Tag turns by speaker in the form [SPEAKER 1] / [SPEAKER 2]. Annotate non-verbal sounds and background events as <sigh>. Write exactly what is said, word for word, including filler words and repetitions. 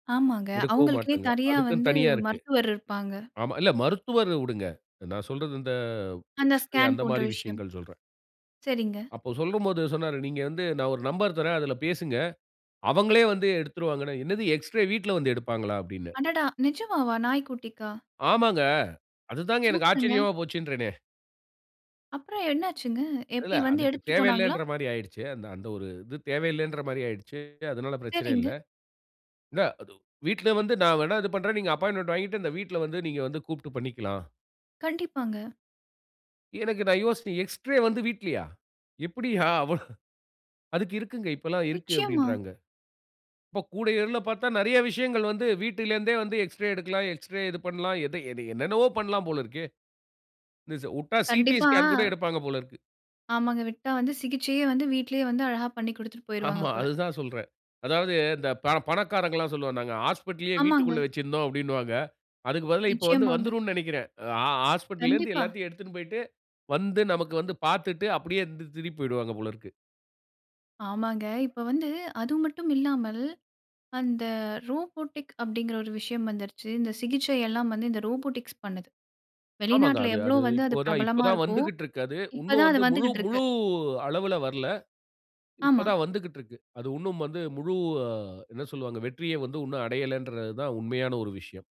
[SPEAKER 1] ஆமாங்க.
[SPEAKER 2] எடுக்கவும்
[SPEAKER 1] அவுங்களுக்குன்னே
[SPEAKER 2] மாட்டாங்க.
[SPEAKER 1] தரியா
[SPEAKER 2] அதுக்குன்னு
[SPEAKER 1] வந்து
[SPEAKER 2] தனியா இருக்கு.
[SPEAKER 1] மருத்துவர் இருப்பாங்க.
[SPEAKER 2] ஆமா. இல்ல மருத்துவர விடுங்க. நான் சொல்றது இந்த
[SPEAKER 1] அந்த
[SPEAKER 2] எக்ஸ்ரே
[SPEAKER 1] ஸ்கேன் போன்ற
[SPEAKER 2] அந்தமாரி
[SPEAKER 1] விஷயம்.
[SPEAKER 2] விஷயங்கள் சொல்றேன்.
[SPEAKER 1] சரிங்க.
[SPEAKER 2] அப்போ சொல்லும்போது சொன்னாரு, நீங்க வந்து நான் ஒரு நம்பர் தர்றேன். அதில பேசுங்க. அவங்களே வந்து எடுத்துருவாங்கன்னா, என்னது எக்ஸ்ரே வீட்ல வந்து எடுப்பாங்களா! அப்பிடின்னேன்.
[SPEAKER 1] அடடா! நிஜமாவா? நாய்க்குட்டிக்கா?
[SPEAKER 2] ஆமாங்க. அதுதாங்க எனக்கு
[SPEAKER 1] சூப்பருங்க.
[SPEAKER 2] ஆச்சரியமா போச்சுன்றேனே!
[SPEAKER 1] அப்புறம் என்ன ஆச்சுங்க?
[SPEAKER 2] இல்ல.
[SPEAKER 1] எப்பிடி வந்து
[SPEAKER 2] அதுக்கு
[SPEAKER 1] எடுத்துட்டு போனாங்களா?
[SPEAKER 2] தேவையில்லன்றமாரி ஆயிடுச்சே! அந்த, அந்த ஒரு இது தேவையில்லன்றமாரி ஆயிடுச்சு. அதனால பிரச்சனை இல்ல.
[SPEAKER 1] சரிங்க.
[SPEAKER 2] என்ன அது வீட்ல வந்து நான் வேணா இது பண்றேன். நீங்க அப்பாயின்ட்மென்ட் வாங்கிட்டு அந்த வீட்ல வந்து நீங்க வந்து கூப்பிட்டு பண்ணிக்கலாம்.
[SPEAKER 1] கண்டிப்பாங்க.
[SPEAKER 2] எனக்கு நான் யோசிச்சேன். எக்ஸ்ரே வந்து வீட்லயா! எப்பிடியா! அவன் அதுக்கு இருக்குங்க. இப்பல்லாம் இருக்கு
[SPEAKER 1] நிச்சயமா.
[SPEAKER 2] அப்பிடின்றாங்க. இப்போ கூட <unintelligible> பார்த்தா நிறைய விஷயங்கள் வந்து வீட்டில் இருந்தே வந்து எக்ஸ்ரே எடுக்கலாம், எக்ஸ்ரே இது பண்லாம், எத என்ன என்னென்னவோ பண்லாம் போல இருக்கே! <unintelligible> வுட்டா சிடி
[SPEAKER 1] கண்டிப்பா.
[SPEAKER 2] ஸ்கேன் கூட எடுப்பாங்க போல இருக்கு.
[SPEAKER 1] ஆமாங்க. விட்டா வந்து சிகிச்சையே வந்து வீட்டிலேயே வந்து அழகா பண்ணிக் குடுத்துட்டு போயிருவாங்க
[SPEAKER 2] ஆமா.
[SPEAKER 1] போல.
[SPEAKER 2] அதுதான் சொல்றேன். அதாவது இந்த ப பணக்காரர்கள்லாம் சொல்வாங்க, நாங்க "ஹாஸ்பிட்டல்லயே
[SPEAKER 1] ஆமாங்க.
[SPEAKER 2] வீட்டிற்குள்ள வச்சிருந்தோம்" அப்பிடின்னுவாங்க அதுக்குப் பதிலா இப்ப வந்து
[SPEAKER 1] நிச்சயமாங்க.
[SPEAKER 2] வந்துருன்னு நினைக்கிறேன். ஆ ஆ ஹாஸ்பிட்டல்ல இருந்து
[SPEAKER 1] கண்டிப்பா!
[SPEAKER 2] எல்லாத்தையும் எடுத்துனு போயிட்டு, வந்து நமக்கு வந்து பார்த்துட்டு அப்பிடியே இருந் திருப்பி போயிடுவாங்க போல இருக்கு.
[SPEAKER 1] ஆமாங்க. இப்போ வந்து அது மட்டும் இல்லாமல், அந்த ரோபோடிக் அப்பிடிங்கிற ஒரு விஷயம் வந்துருச்சு. இந்த சிகிச்சை எல்லாம் வந்து இந்த ரோபோடிக்ஸ் பண்ணுது.
[SPEAKER 2] ஆமாங்க.
[SPEAKER 1] வெளிநாட்ல
[SPEAKER 2] அது
[SPEAKER 1] எவ்ளோ
[SPEAKER 2] அது
[SPEAKER 1] வந்து அது
[SPEAKER 2] இப்போ தான் இப்போ
[SPEAKER 1] பிரபலமா
[SPEAKER 2] தான்
[SPEAKER 1] இருக்கோ!
[SPEAKER 2] வந்துக்கிட்டு இருக்கு அது.
[SPEAKER 1] இப்ப
[SPEAKER 2] இன்னும்
[SPEAKER 1] தான் அது
[SPEAKER 2] வந்து முழு
[SPEAKER 1] வந்துக்கிட்டு இருக்கு.
[SPEAKER 2] முழு அளவுல வரல. இப்ப
[SPEAKER 1] ஆமா.
[SPEAKER 2] தான் வந்துக்கிட்டு இருக்கு. அது இன்னும் வந்து முழு என்ன சொல்வாங்க, வெற்றிய வந்து இன்னும் அடையலன்றதான் உண்மையான ஒரு விஷயம்.